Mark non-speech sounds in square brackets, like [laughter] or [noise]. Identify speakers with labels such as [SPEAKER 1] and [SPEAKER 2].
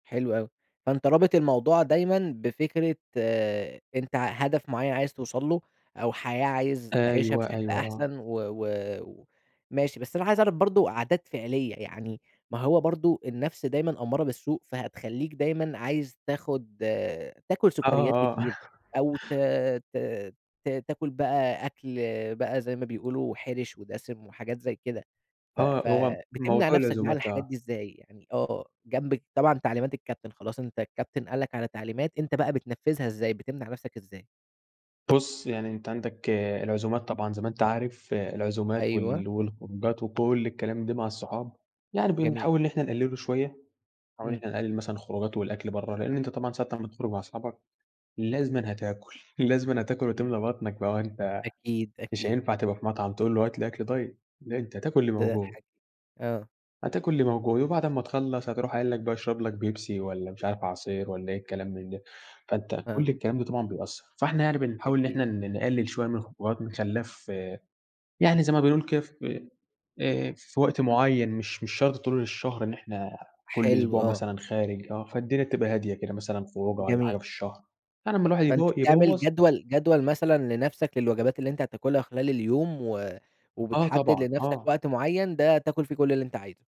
[SPEAKER 1] حلو أوي، فأنتَ رابط الموضوع دايمًا بفكرة أنتَ ع هدف معين عايز توصل له، أو حياة عايز تعيشها
[SPEAKER 2] أيوه،
[SPEAKER 1] بشكل
[SPEAKER 2] أيوه، آه.
[SPEAKER 1] أحسن و و وماشي، بس أنا عايز أعرف برضه عادات فعلية يعني ما هو برضه النفس دايمًا أمّارة بالسوء فهتخليك دايمًا عايز تاخد تاكل
[SPEAKER 2] آه،
[SPEAKER 1] سكريات
[SPEAKER 2] آه
[SPEAKER 1] كتير أو ت
[SPEAKER 2] [laughs]
[SPEAKER 1] ت ت تاكل بقى أكل بقى زي ما بيقولوا حِرش ودسم وحاجات زي كده. ف
[SPEAKER 2] آه،
[SPEAKER 1] ف
[SPEAKER 2] هو م
[SPEAKER 1] بتمنع
[SPEAKER 2] موضوع
[SPEAKER 1] نفسك بقى عن
[SPEAKER 2] العزومات،
[SPEAKER 1] الحاجات
[SPEAKER 2] آه.
[SPEAKER 1] دي إزاي؟ يعني آه جنبك طبعًا تعليمات الكابتن خلاص أنتَ الكابتن قال لك على تعليمات أنتَ بقى بتنفذها إزاي؟ بتمنع نفسك إزاي؟
[SPEAKER 2] بُص، يعني أنتَ عندك العزومات طبعًا زي ما أنتَ عارف العزومات
[SPEAKER 1] أيوه.
[SPEAKER 2] وال والخروجات وكل الكلام ده مع الصحاب يعني
[SPEAKER 1] جميل.
[SPEAKER 2] بنحاول إن إحنا نقلله شوية، بنحاول إن
[SPEAKER 1] إمم.
[SPEAKER 2] إحنا نقلل مثلًا الخروجات والأكل بره، لإن أنتَ طبعًا ساعة أمّا تخرج مع أصحابك لازمًا هتاكل، لازمًا هتاكل
[SPEAKER 1] إمم.
[SPEAKER 2] وتملى بطنك بقى ما هو أنتَ
[SPEAKER 1] أكيد،
[SPEAKER 2] مش
[SPEAKER 1] أكيد.
[SPEAKER 2] هينفع تبقى في مطعم تقول له هات لي أكل دايت لأ أنتَ هتاكل اللي
[SPEAKER 1] ده
[SPEAKER 2] موجود.
[SPEAKER 1] حاج آه.
[SPEAKER 2] هتاكل اللي موجود، وبعد أمّا تخلص هتروح قايل لك بقى اشرب لك بيبسي والّا مش عارف عصير والّا إيه الكلام من ده، فأنتَ كل
[SPEAKER 1] آه.
[SPEAKER 2] الكلام ده طبعًا بيأثر، فإحنا يعني بنحاول إن
[SPEAKER 1] أكيد.
[SPEAKER 2] إحنا ن نقلل شوية من الخروجات بنخليها ف يعني زي ما بنقول كده في آآ، في وقت معين مش مش شرط طول الشهر إن إحنا كل
[SPEAKER 1] حلو
[SPEAKER 2] أسبوع
[SPEAKER 1] آه.
[SPEAKER 2] مثلًا خارج آه، فالدينا تبقى هادية كده مثلًا خروجة والّا حاجة
[SPEAKER 1] جميل.
[SPEAKER 2] في الشهر، يعني لما الواحد يب
[SPEAKER 1] فأنتَ بتعمل
[SPEAKER 2] يبوظ
[SPEAKER 1] جدول جدول مثلًا لنفسك للوجبات اللي أنتَ هتاكلها خلال اليوم و
[SPEAKER 2] آه،
[SPEAKER 1] وبتحدد
[SPEAKER 2] طبعًا،
[SPEAKER 1] لنفسك
[SPEAKER 2] آه.
[SPEAKER 1] وقت معين ده تاكل فيه كل اللي أنتَ عايزه.